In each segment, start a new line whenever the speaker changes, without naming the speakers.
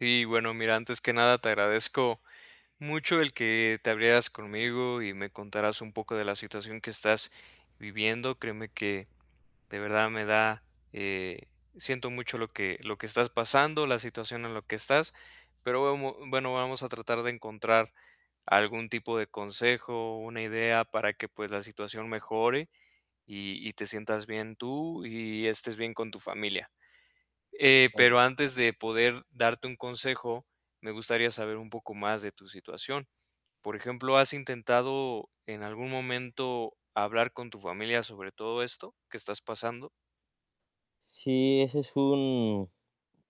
Sí, bueno, mira, antes que nada te agradezco mucho el que te abrieras conmigo y me contaras un poco de la situación que estás viviendo. Créeme que, de verdad, me da, eh, siento mucho lo que lo que estás pasando, la situación en la que estás, pero bemo bueno, vamos a tratar de encontrar algún tipo de consejo o una idea para que, pues, la situación mejore y y te sientas bien tú y estés bien con tu familia. Eh,
[unintelligible]
pero antes de poder darte un consejo, me gustaría saber un poco más de tu situación. Por ejemplo, ¿has intentado en algún momento hablar con tu familia sobre todo esto que estás pasando?
Sí, ese es un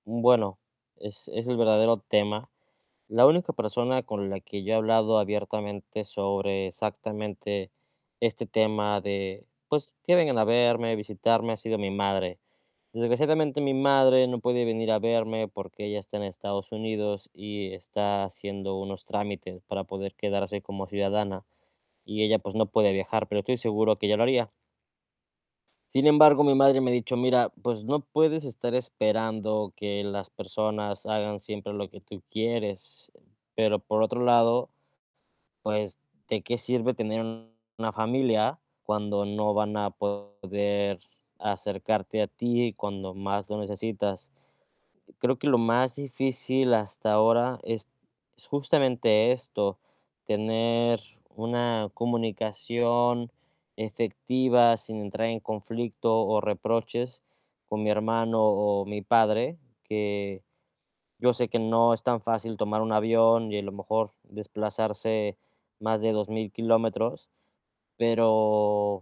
un bueno, es es el verdadero tema. La única persona con la que yo he hablado abiertamente sobre exactamente este tema de pues, que vengan a verme, visitarme, ha sido mi madre. Desgraciadamente, mi madre no puede venir a verme porque ella está en Estados Unidos y, está haciendo unos trámites para poder quedarse como ciudadana y, ella pues, no puede viajar, pero estoy seguro que ella lo haría. Sin embargo, mi madre me ha dicho: "Mira, pues no puedes estar esperando que las personas hagan siempre lo que tú quieres". Pero por otro lado, pues ¿de qué sirve tener una familia cuando no van a poder acercarte a ti cuando más lo necesitas? Creo que lo más difícil hasta ahora es es justamente esto, tener una comunicación efectiva sin entrar en conflicto o reproches con mi hermano o mi padre, que yo sé que no es tan fácil tomar un avión y, a lo mejor, desplazarse más de 2000 kilómetros. Pero